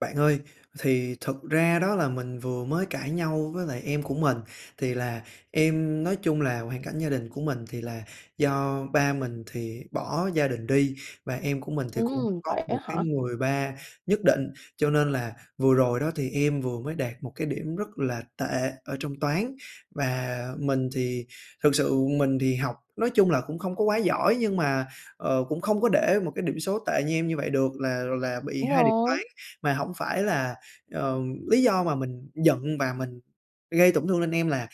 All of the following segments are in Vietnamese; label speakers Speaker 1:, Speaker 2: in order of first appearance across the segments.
Speaker 1: Bạn ơi, thì thực ra đó là mình vừa mới cãi nhau với lại em của mình. Thì là em nói chung là hoàn cảnh gia đình của mình thì là do ba mình thì bỏ gia đình đi và em của mình thì cũng
Speaker 2: Ừm,
Speaker 1: có
Speaker 2: vậy á
Speaker 1: một cái
Speaker 2: hả?
Speaker 1: người ba nhất định, cho nên là vừa rồi đó thì em vừa mới đạt một cái điểm rất là tệ ở trong toán. Và mình thì thực sự mình thì học nói chung là cũng không có quá giỏi nhưng mà, ờ, cũng không có để một cái điểm số tệ như em như vậy được, là là bị
Speaker 2: Đúng
Speaker 1: 2 điểm toán.
Speaker 2: rồi.
Speaker 1: Mà hổng phải là ờ, lý do mà mình giận và mình gây tổn thương lên em là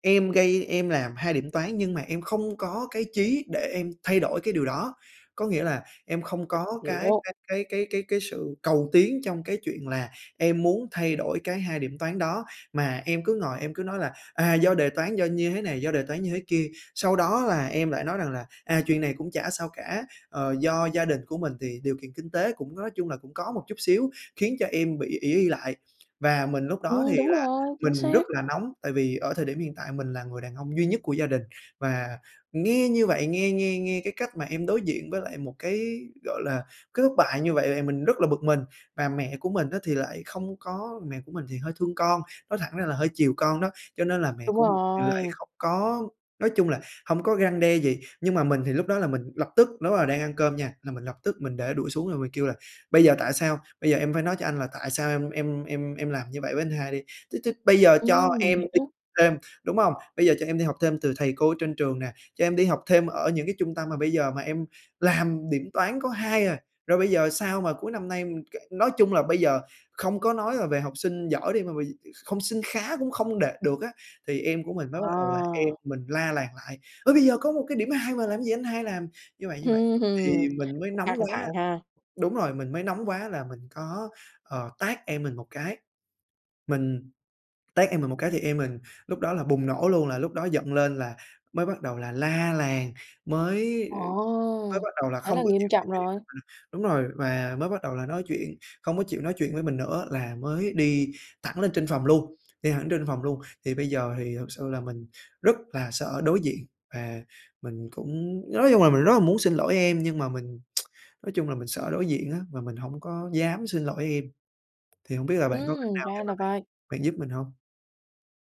Speaker 1: em gây em làm 2 điểm toán nhưng mà em không có cái chí để em thay đổi cái điều đó. Có nghĩa là em không
Speaker 2: Mình
Speaker 1: có cái
Speaker 2: hiểu.
Speaker 1: cái cái cái cái cái sự cầu tiến trong cái chuyện là em muốn thay đổi cái 2 điểm toán đó, mà em cứ ngồi em cứ nói là, à, do đề toán, do như thế này, do đề toán như thế kia, sau đó là em lại nói rằng là "À, chuyện này cũng chả sao cả." Ờ, do gia đình của mình thì điều kiện kinh tế cũng nói chung là cũng có một chút xíu khiến cho em bị ỷ y lại. Và mình lúc đó
Speaker 2: Ừm,
Speaker 1: thì
Speaker 2: đúng
Speaker 1: là
Speaker 2: rồi, chính
Speaker 1: mình rất
Speaker 2: xác.
Speaker 1: là nóng, tại vì ở thời điểm hiện tại mình là người đàn ông duy nhất của gia đình và nghe như vậy nghe nghe nghe cái cách mà em đối diện với lại một cái, gọi là, cái thất bại như vậy thì mình rất là bực mình và mẹ của mình á thì lại không có mẹ của mình thì hơi thương con, nói thẳng ra là hơi chiều con đó, cho nên là mẹ
Speaker 2: Đúng
Speaker 1: của mình thì lại
Speaker 2: rồi.
Speaker 1: không có nói chung là hông có răng đe gì, nhưng mà mình thì lúc đó là mình lập tức lúc đó là đang ăn cơm nha, là mình lập tức mình để đũa xuống rồi mình kêu là "Bây giờ tại sao? Bây giờ em phải nói cho anh là tại sao em em em em làm như vậy với anh hai đi. Chứ chứ bây giờ cho
Speaker 2: Ừm, mình
Speaker 1: em đi
Speaker 2: hiểu.
Speaker 1: thêm, đúng hông? Bây giờ cho em đi học thêm từ thầy cô trên trường nè, cho em đi học thêm ở những cái trung tâm mà bây giờ mà em làm điểm toán có 2 à, rồi bây giờ sao mà cuối năm nay m kệ nói chung là bây giờ không có nói là về học sinh giỏi đi, mà bây gi không sinh khá cũng không đạt được á." Thì em của mình mới bắt đầu là
Speaker 2: Ờ.
Speaker 1: em mình la làng lại: "Ơ, bây giờ có một cái điểm 2 mà làm cái gì anh hai làm như vậy, như vậy."
Speaker 2: Hừm, hừm,
Speaker 1: Thì mình mới nóng
Speaker 2: căng
Speaker 1: quá
Speaker 2: thẳng ha.
Speaker 1: đúng rồi, mình mới nóng quá là mình có, ờ, tát em mình một cái, mình tát em mình một cái thì em mình lúc đó là bùng nổ luôn, là lúc đó giận lên là mới bắt đầu là la làng, mới
Speaker 2: Ồ,
Speaker 1: mới bắt đầu là
Speaker 2: thế
Speaker 1: không
Speaker 2: là
Speaker 1: có
Speaker 2: nghiêm
Speaker 1: chịu nói
Speaker 2: trọng
Speaker 1: chuyện
Speaker 2: rồi!
Speaker 1: với mình đúng rồi và mới bắt đầu là nói chuyện không có chịu nói chuyện với mình nữa, là mới đi thẳng lên trên phòng luôn đi thẳng trên phòng luôn. Thì bây giờ thì thực sự là mình rất là sợ đối diện và mình cũng nói chung là mình rất là muốn xin lỗi em nhưng mà mình nói chung là mình sợ đối diện á và mình hổng có dám xin lỗi em, thì hông biết là bạn có cách
Speaker 2: Ừm,
Speaker 1: nào để
Speaker 2: ra
Speaker 1: mà
Speaker 2: là
Speaker 1: bạn
Speaker 2: vậy.
Speaker 1: bạn giúp mình hông?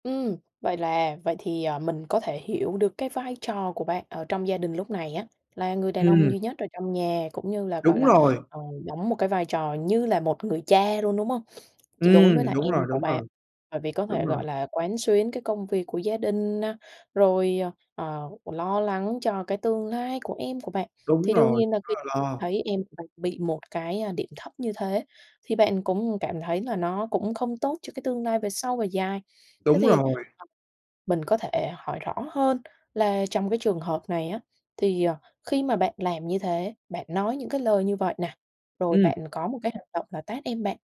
Speaker 2: Ừm. Vậy là vậy thì, ờ, mình có thể hiểu được cái vai trò của bạn ở trong gia đình lúc này á, là người đàn ông
Speaker 1: Ừm.
Speaker 2: duy nhất ở trong nhà cũng như là, gọi
Speaker 1: Đúng
Speaker 2: là,
Speaker 1: rồi.
Speaker 2: ờ, đóng một cái vai trò như là một người cha luôn, đúng không? Ch đối với
Speaker 1: Ừm,
Speaker 2: là
Speaker 1: đúng
Speaker 2: em
Speaker 1: rồi,
Speaker 2: của
Speaker 1: đúng
Speaker 2: bạn,
Speaker 1: rồi.
Speaker 2: bởi vì có
Speaker 1: Đúng
Speaker 2: thể,
Speaker 1: rồi.
Speaker 2: gọi là, quán xuyến cái công việc của gia đình này, rồi, ờ, lo lắng cho cái tương lai của em của bạn,
Speaker 1: Đúng
Speaker 2: thì đương
Speaker 1: rồi,
Speaker 2: nhiên là
Speaker 1: rất
Speaker 2: khi
Speaker 1: là lo.
Speaker 2: thấy em mình bị một cái, a, điểm thấp như thế thì bạn cũng cảm thấy là nó cũng không tốt cho cái tương lai về sâu về dài. Thế
Speaker 1: Đúng
Speaker 2: thì
Speaker 1: rồi.
Speaker 2: [unintelligible] mình có thể hỏi rõ hơn là trong cái trường hợp này á, thì, ờ, khi mà bạn làm như thế, bạn nói những cái lời như vậy nè, rồi
Speaker 1: Ừm.
Speaker 2: bạn có một cái hành động là tát em bạn,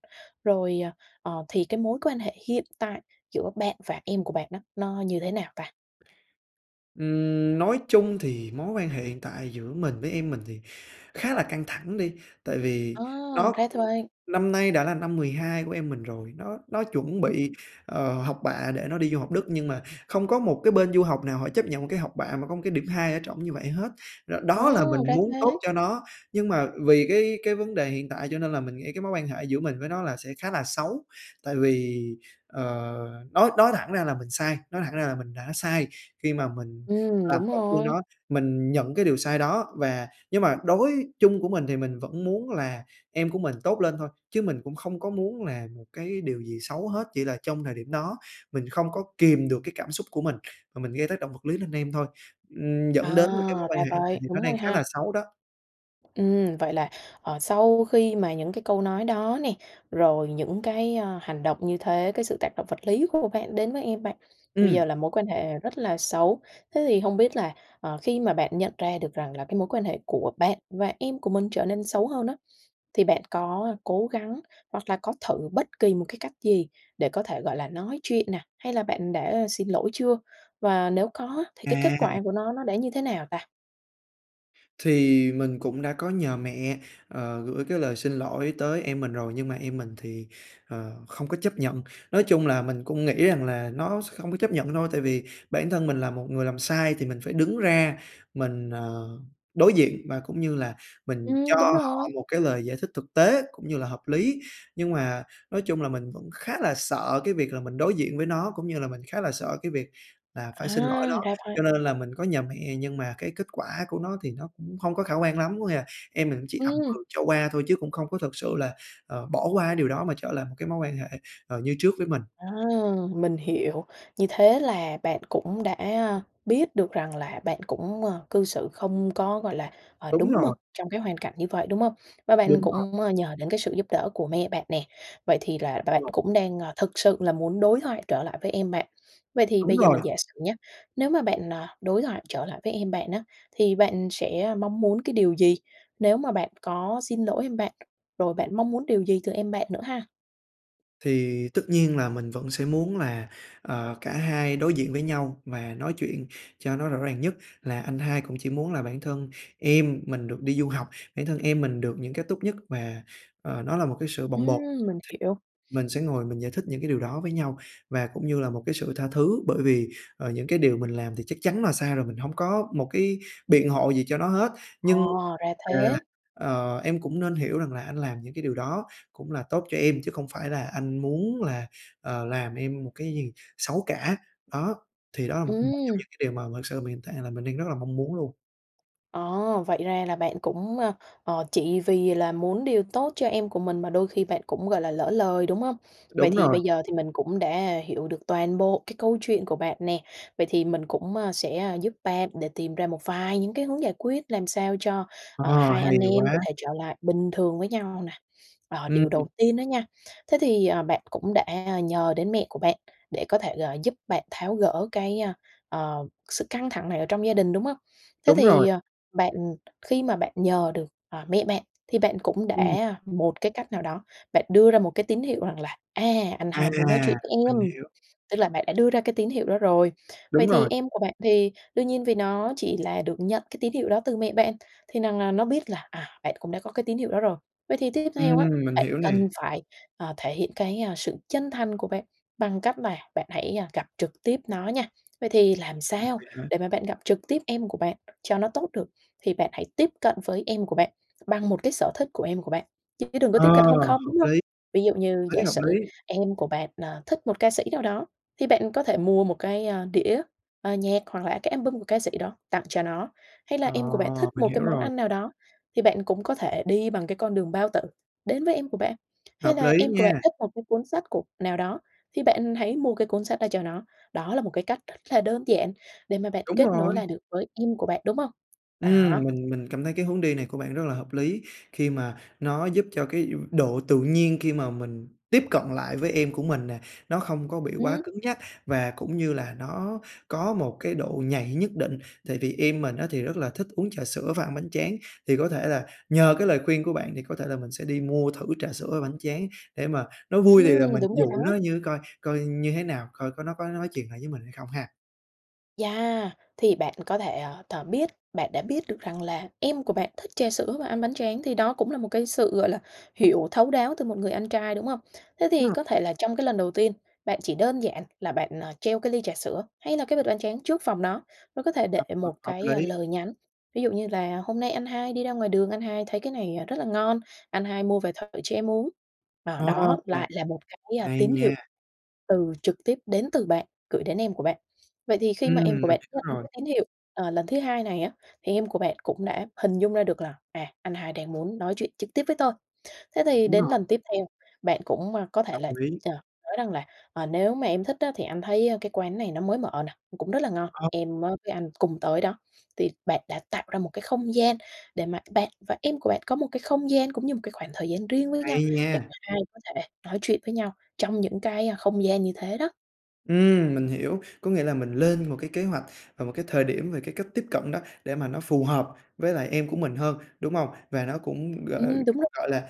Speaker 2: rồi, ờ, ờ, thì cái mối quan hệ hiện tại giữa bạn và em của bạn nó nó như thế nào ta?
Speaker 1: Ừm, nói chung thì mối quan hệ hiện tại giữa mình với em mình thì khá là căng thẳng đi, tại vì
Speaker 2: Ờ,
Speaker 1: nó
Speaker 2: ra t vậy!
Speaker 1: năm nay đã là năm 12 của em mình rồi, nó nó chuẩn
Speaker 2: Ừm.
Speaker 1: bị, ờ, học bạ để nó đi du học Đức nhưng mà không có một cái bên du học nào họ chấp nhận một cái học bạ mà có một cái điểm 2 ở trỏng như vậy hết. Rồi
Speaker 2: Ờ,
Speaker 1: đó là mình
Speaker 2: ra
Speaker 1: muốn tốt
Speaker 2: thế!
Speaker 1: cho nó, nhưng mà vì cái cái vấn đề hiện tại cho nên là mình nghĩ cái mối quan hệ giữa mình với nó là sẽ khá là xấu. Tại vì, ờ, nói nói thẳng ra là mình sai, nói thẳng ra là mình đã sai khi mà mình
Speaker 2: Ừm,
Speaker 1: làm
Speaker 2: đúng
Speaker 1: tổn thương
Speaker 2: rồi.
Speaker 1: nó. Mình nhận cái điều sai đó và nhưng mà đối chung của mình thì mình vẫn muốn là em của mình tốt lên thôi, chứ mình cũng không có muốn là một cái điều gì xấu hết, chỉ là trong thời điểm đó mình không có kiềm được cái cảm xúc của mình, mà mình gây tác động vật lý lên em thôi. Ừm, dẫn đến một cái mối
Speaker 2: À!
Speaker 1: quan
Speaker 2: Ra
Speaker 1: hệ thời
Speaker 2: vậy,
Speaker 1: điểm nó
Speaker 2: đúng
Speaker 1: đang
Speaker 2: rồi
Speaker 1: khá là
Speaker 2: ha.
Speaker 1: xấu đó.
Speaker 2: Ừm, vậy là, ờ, sau khi mà những cái câu nói đó nè, rồi những cái à hành động như thế, cái sự tác động vật lý của bạn đến với em bạn bây
Speaker 1: Ừm.
Speaker 2: giờ là mối quan hệ rất là xấu. Thế thì hông biết là, ờ, khi mà bạn nhận ra được rằng là cái mối quan hệ của bạn và em của mình trở nên xấu hơn á, thì bạn có cố gắng hoặc là có thử bất kỳ một cái cách gì để có thể gọi là nói chuyện nè, hay là bạn đã xin lỗi chưa? Và nếu có á thì cái kết
Speaker 1: À!
Speaker 2: quả của nó, nó đã như thế nào ta?
Speaker 1: Thì mình cũng đã có nhờ mẹ, ờ, gửi cái lời xin lỗi tới em mình rồi nhưng mà em mình thì, ờ, không có chấp nhận. Nói chung là mình cũng nghĩ rằng là nó sẽ không có chấp nhận thôi, tại vì bản thân mình là một người làm sai thì mình phải đứng ra, mình, ờ, đối diện và cũng như là mình cho
Speaker 2: Ừm, đúng
Speaker 1: họ
Speaker 2: rồi.
Speaker 1: một cái lời giải thích thực tế, cũng như là hợp lý. Nhưng mà nói chung là mình vẫn khá là sợ cái việc là mình đối diện với nó, cũng như là mình khá là sợ cái việc là
Speaker 2: À,
Speaker 1: phải xin lỗi nó,
Speaker 2: ra vậy.
Speaker 1: cho nên là mình có nhờ mẹ nhưng mà cái kết quả của nó thì nó cũng không có khả quan lắm. Có nghĩa là em mình cũng chỉ ậm
Speaker 2: Ừm.
Speaker 1: ừ cho qua thôi chứ cũng không có thực sự là, à, bỏ qua cái điều đó mà trở lại một cái mối quan hệ, ờ, như trước với mình.
Speaker 2: Ờ, mình hiểu. Như thế là bạn cũng đã, a, biết được rằng là bạn cũng, ờ, cư xử không có, gọi là, ờ,
Speaker 1: Đúng
Speaker 2: đúng mực
Speaker 1: rồi.
Speaker 2: trong cái hoàn cảnh như vậy, đúng hông? Và bạn
Speaker 1: Đúng rồi.
Speaker 2: cũng, ơ, nhờ đến cái sự giúp đỡ của mẹ bạn nè, vậy thì là
Speaker 1: Ờ.
Speaker 2: bạn cũng đang, à, thực sự là muốn đối thoại trở lại với em bạn. Vậy thì
Speaker 1: Đúng
Speaker 2: bây giờ mình
Speaker 1: rồi.
Speaker 2: giả sử nhá, nếu mà bạn, à, đối thoại trở lại với em bạn á, thì bạn sẽ mong muốn cái điều gì nếu mà bạn có xin lỗi em bạn? Rồi bạn mong muốn điều gì từ em bạn nữa ha?
Speaker 1: Thì tất nhiên là mình vẫn sẽ muốn là, ờ, cả hai đối diện với nhau và nói chuyện cho nó rõ ràng nhất, là anh hai cũng chỉ muốn là bản thân em mình được đi du học, bản thân em mình được những cái tốt nhất và, ờ, nó là một cái sự bồng bột.
Speaker 2: Ừm, mình hiểu.
Speaker 1: Thì mình sẽ ngồi mình giải thích những cái điều đó với nhau và cũng như là một cái sự tha thứ. Bởi vì, ờ, những cái điều mình làm thì chắc chắn là sai rồi, mình hông có một cái biện hộ gì cho nó hết.
Speaker 2: Ờ,
Speaker 1: Nhưng,
Speaker 2: ra
Speaker 1: à,
Speaker 2: thế.
Speaker 1: ờ, em cũng nên hiểu rằng là anh làm những cái điều đó cũng là tốt cho em, chứ không phải là anh muốn là, ờ, làm em một cái gì xấu cả. Đó, thì đó là một một trong
Speaker 2: Ừm.
Speaker 1: những cái điều mà thực sự mình hiện tại là mình đang rất là mong muốn luôn.
Speaker 2: Ờ, vậy ra là bạn cũng, ờ, ờ, chỉ vì là muốn điều tốt cho em của mình mà đôi khi bạn cũng, gọi là, lỡ lời, đúng hông? Vậy
Speaker 1: Đúng
Speaker 2: thì
Speaker 1: rồi.
Speaker 2: bây giờ thì mình cũng đã hiểu được toàn bộ cái câu chuyện của bạn nè. Vậy thì mình cũng, à, sẽ, à, giúp bạn để tìm ra một vài những cái hướng giải quyết, làm sao cho, ờ,
Speaker 1: Ờ,
Speaker 2: hai
Speaker 1: hay
Speaker 2: anh em có
Speaker 1: quá!
Speaker 2: thể trở lại bình thường với nhau nè. Ờ, điều
Speaker 1: Ừm.
Speaker 2: đầu tiên đó nha, thế thì, ờ, bạn cũng đã, à, nhờ đến mẹ của bạn, để có thể, gọi, giúp bạn tháo gỡ cái, a, ờ, sự căng thẳng này ở trong gia đình, đúng hông? Thế
Speaker 1: Đúng
Speaker 2: thì,
Speaker 1: rồi.
Speaker 2: ờ, bạn khi mà bạn nhờ được, ờ, mẹ bạn thì bạn cũng
Speaker 1: Ừm.
Speaker 2: đã một cái cách nào đó, bạn đưa ra một cái tín hiệu rằng là, à, anh hai muốn nói
Speaker 1: À!
Speaker 2: chuyện với em,
Speaker 1: Mình hiểu.
Speaker 2: tức là bạn đã đưa ra cái tín hiệu đó rồi. Vậy
Speaker 1: Đúng
Speaker 2: thì
Speaker 1: rồi.
Speaker 2: em của bạn thì, đương nhiên vì nó chỉ là được nhận cái tín hiệu đó từ mẹ bạn, thì rằng là nó biết là, à, bạn cũng đã có cái tín hiệu đó rồi. Vậy thì tiếp theo á,
Speaker 1: Ừm, mình
Speaker 2: bạn
Speaker 1: hiểu
Speaker 2: cần
Speaker 1: nè.
Speaker 2: phải, ờ, thể hiện cái, a, sự chân thành của bạn bằng cách là bạn hãy, a, gặp trực tiếp nó nha. Vậy thì làm
Speaker 1: Ừm,
Speaker 2: sao
Speaker 1: vậy hả?
Speaker 2: để mà bạn gặp trực tiếp em của bạn cho nó tốt được? Thì bạn hãy tiếp cận với em của bạn bằng một cái sở thích của em của bạn, chứ đừng có
Speaker 1: Ờ,
Speaker 2: tiếp cận không không,
Speaker 1: hợp
Speaker 2: đúng hông?
Speaker 1: lý!
Speaker 2: Ví dụ như
Speaker 1: Hợp
Speaker 2: giả
Speaker 1: lý, hợp
Speaker 2: sử
Speaker 1: lý.
Speaker 2: em của bạn, ờ, thích một ca sĩ nào đó, thì bạn có thể mua một cái, a, đĩa, ờ, nhạc, hoặc là cái album của ca sĩ đó tặng cho nó. Hay là
Speaker 1: Ờ,
Speaker 2: em của bạn thích
Speaker 1: mình
Speaker 2: một cái
Speaker 1: hiểu
Speaker 2: món
Speaker 1: rồi.
Speaker 2: ăn nào đó thì bạn cũng có thể đi bằng cái con đường bao tử đến với em của bạn, Hay
Speaker 1: Hợp
Speaker 2: là
Speaker 1: lý
Speaker 2: em của bạn
Speaker 1: nha.
Speaker 2: thích một cái cuốn sách của nào đó thì bạn hãy mua cái cuốn sách đó cho nó. Đó là một cái cách rất là đơn giản để mà bạn
Speaker 1: Đúng
Speaker 2: kết nối
Speaker 1: rồi.
Speaker 2: lại được với em của bạn, đúng hông?
Speaker 1: Ừm,
Speaker 2: Đó.
Speaker 1: mình mình cảm thấy cái hướng đi này của bạn rất là hợp lý, khi mà nó giúp cho cái, ư, độ tự nhiên khi mà mình tiếp cận lại với em của mình nè, nó không có bị quá
Speaker 2: Ừm.
Speaker 1: cứng nhắc và cũng như là nó có một cái độ nhạy nhất định. Tại vì em mình á thì rất là thích uống trà sữa và ăn bánh tráng, thì có thể là nhờ cái lời khuyên của bạn thì có thể là mình sẽ đi mua thử trà sữa và bánh tráng, để mà nó vui thì là
Speaker 2: Ừm,
Speaker 1: mình
Speaker 2: đúng rồi
Speaker 1: dụ
Speaker 2: đó!
Speaker 1: nó như coi coi như thế nào, coi có nó có nói chuyện lại với mình hay không ha.
Speaker 2: Yeah, thì bạn có thể, ờ, th biết bạn đã biết được rằng là em của bạn thích trà sữa và ăn bánh tráng thì đó cũng là một cái sự, gọi là, hiểu thấu đáo từ một người anh trai, đúng không? Thế thì
Speaker 1: Ừm.
Speaker 2: có thể là trong cái lần đầu tiên, bạn chỉ đơn giản là bạn, ờ, treo cái ly trà sữa hay là cái bịch bánh tráng trước phòng nó, và có thể để
Speaker 1: À, ờ,
Speaker 2: một
Speaker 1: hợp
Speaker 2: cái, ơ,
Speaker 1: lý.
Speaker 2: lời nhắn, ví dụ như là hôm nay anh hai đi ra ngoài đường, anh hai thấy cái này, à, rất là ngon, anh hai mua về thử cho em uống. Rồi,
Speaker 1: A,
Speaker 2: đó
Speaker 1: chà.
Speaker 2: lại là một cái, a,
Speaker 1: Hay
Speaker 2: tín hiệu
Speaker 1: nha.
Speaker 2: từ trực tiếp đến từ bạn gửi đến em của bạn. Vậy thì khi
Speaker 1: Ừm,
Speaker 2: mà em của
Speaker 1: mình
Speaker 2: bạn
Speaker 1: hiểu
Speaker 2: nhận được
Speaker 1: rồi.
Speaker 2: cái tín hiệu, ờ, lần thứ 2 này á thì em của bạn cũng đã hình dung ra được là, à, anh hai đang muốn nói chuyện trực tiếp với tôi. Thế thì
Speaker 1: Đúng
Speaker 2: đến
Speaker 1: rồi.
Speaker 2: lần tiếp theo, bạn cũng, ơ, có thể
Speaker 1: Đồng
Speaker 2: là,
Speaker 1: ý.
Speaker 2: chờ nói rằng là, ờ, nếu mà em thích á thì anh thấy cái quán này nó mới mở nè, cũng rất là ngon,
Speaker 1: Ờ.
Speaker 2: em, á, với anh cùng tới đó, thì bạn đã tạo ra một cái không gian để mà bạn và em của bạn có một cái không gian cũng như một cái khoảng thời gian riêng với nhau
Speaker 1: Hay
Speaker 2: để cả
Speaker 1: nha!
Speaker 2: hai có thể nói chuyện với nhau trong những cái, a, không gian như thế đó.
Speaker 1: Ừm, mình hiểu. Có nghĩa là mình lên một cái kế hoạch và một cái thời điểm về cái cách tiếp cận đó, để mà nó phù hợp với lại em của mình hơn, đúng hông? Và nó cũng, g
Speaker 2: Ừm, đúng rồi.
Speaker 1: gọi là,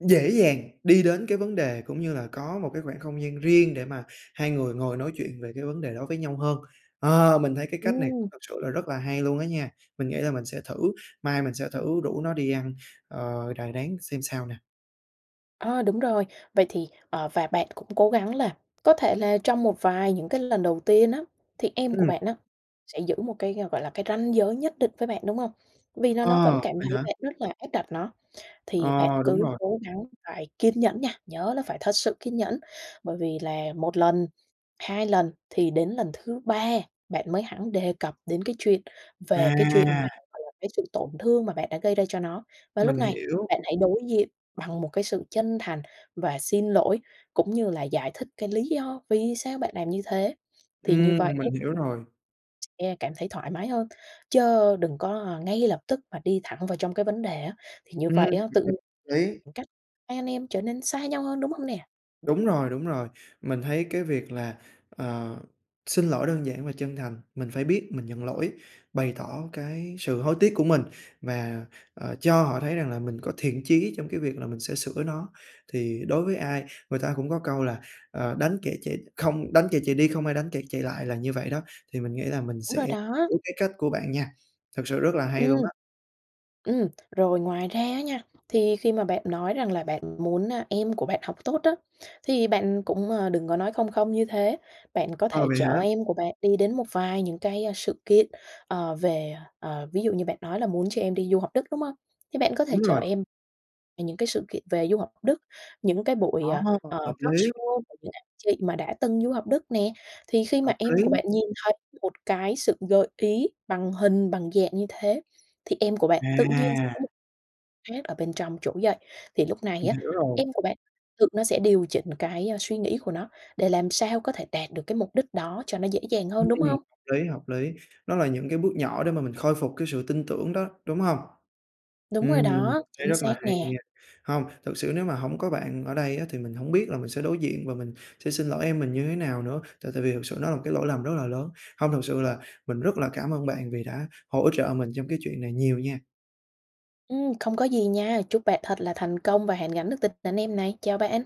Speaker 1: dễ dàng đi đến cái vấn đề cũng như là có một cái khoảng không gian riêng để mà hai người ngồi nói chuyện về cái vấn đề đó với nhau hơn. Ờ, mình thấy cái cách này
Speaker 2: Ừm.
Speaker 1: thật sự là rất là hay luôn á nha, mình nghĩ là mình sẽ thử, mai mình sẽ thử rủ nó đi ăn, ờ, đà rán xem sao nè.
Speaker 2: Ơ, đúng rồi. Vậy thì ờ, và bạn cũng cố gắng là có thể là trong một vài những cái lần đầu tiên á, thì em của
Speaker 1: Ừm.
Speaker 2: bạn á sẽ giữ một cái, gọi là, cái ranh giới nhất định với bạn, đúng hông? Vì nó nó
Speaker 1: À,
Speaker 2: vẫn cảm
Speaker 1: vậy
Speaker 2: thấy
Speaker 1: hả?
Speaker 2: bạn rất là áp đặt nó, thì bạn
Speaker 1: Ờ, đúng
Speaker 2: cứ
Speaker 1: rồi.
Speaker 2: cố gắng phải kiên nhẫn nha, nhớ là phải thật sự kiên nhẫn. Bởi vì là 1 lần, 2 lần thì đến lần thứ 3 bạn mới hẳn đề cập đến cái chuyện về cái chuyện mà,
Speaker 1: À!
Speaker 2: gọi là, cái sự tổn thương mà bạn đã gây ra cho nó. Và lúc
Speaker 1: Mình
Speaker 2: này
Speaker 1: hiểu.
Speaker 2: bạn hãy đối diện bằng một cái sự chân thành và xin lỗi cũng như là giải thích cái lý do vì sao bạn làm như thế, thì như
Speaker 1: Ừm,
Speaker 2: vậy á
Speaker 1: mình hiểu rồi.
Speaker 2: e cảm thấy thoải mái hơn. Chớ đừng có ngay lập tức mà đi thẳng vào trong cái vấn đề á, thì như
Speaker 1: Ừm,
Speaker 2: vậy
Speaker 1: [unintelligible]
Speaker 2: á tự nhiên [unintelligible]
Speaker 1: lý.
Speaker 2: khoảng cách, hai anh em trở nên xa nhau hơn, đúng hông nè?
Speaker 1: Đúng rồi, đúng rồi. Mình thấy cái việc là, ờ, xin lỗi đơn giản và chân thành, mình phải biết mình nhận lỗi, bày tỏ cái sự hối tiếc của mình và, ờ, cho họ thấy rằng là mình có thiện chí trong cái việc là mình sẽ sửa nó. Thì đối với ai người ta cũng có câu là "Ờ, đánh kẻ chạy không đánh kẻ chạy đi, không ai đánh kẻ chạy lại" là như vậy đó, thì mình nghĩ là mình
Speaker 2: Đúng
Speaker 1: sẽ
Speaker 2: rồi đó.
Speaker 1: biết cái cách của bạn nha, thật sự rất là hay
Speaker 2: Ừm.
Speaker 1: luôn á!
Speaker 2: Ừm. Rồi ngoài ra á nha, thì khi mà bạn nói rằng là bạn muốn, à, em của bạn học tốt á thì bạn cũng, ờ, đừng có nói không không như thế, bạn có
Speaker 1: Ờ,
Speaker 2: thể
Speaker 1: vậy hả?
Speaker 2: chở em của bạn đi đến một vài những cái sự kiện, ờ, về ờ, ví dụ như bạn nói là muốn cho em đi du học Đức, đúng hông? Thế bạn có thể
Speaker 1: Đúng
Speaker 2: chở
Speaker 1: rồi.
Speaker 2: em về những cái sự kiện về du học Đức, những cái buổi,
Speaker 1: Đó,
Speaker 2: à, ờ,
Speaker 1: hợp lý.
Speaker 2: talkshow của những anh chị mà đã từng du học Đức nè, thì khi mà
Speaker 1: Hợp
Speaker 2: em của
Speaker 1: lý.
Speaker 2: bạn nhìn thấy một cái sự gợi ý bằng hình bằng dạng như thế thì em của bạn tự nhiên sẽ có
Speaker 1: À!
Speaker 2: một khác ở bên trong chỗ dạy, thì lúc này
Speaker 1: Mình
Speaker 2: á
Speaker 1: hiểu rồi.
Speaker 2: em của bạn tự nó sẽ điều chỉnh cái, a, suy nghĩ của nó để làm sao có thể đạt được cái mục đích đó cho nó dễ dàng
Speaker 1: Ừm,
Speaker 2: hơn, đúng hông?
Speaker 1: hợp lý, hợp lý. Nó là những cái bước nhỏ để mà mình khôi phục cái sự tin tưởng đó, đúng hông?
Speaker 2: Đúng
Speaker 1: Ừm,
Speaker 2: rồi
Speaker 1: mình
Speaker 2: đó,
Speaker 1: thấy
Speaker 2: chính
Speaker 1: rất là
Speaker 2: xác
Speaker 1: hay
Speaker 2: nè!
Speaker 1: nha! Hông, thực sự nếu mà hổng có bạn ở đây á thì mình hổng biết là mình sẽ đối diện và mình sẽ xin lỗi em mình như thế nào nữa, tại tại vì thực sự nó là một cái lỗi lầm rất là lớn. Hông, thực sự là mình rất là cảm ơn bạn vì đã hỗ trợ mình trong cái chuyện này nhiều nha!
Speaker 2: Ừm, không có gì nha, chúc bạn thật là thành công và hàn gắn được tình anh em này. Chào bạn.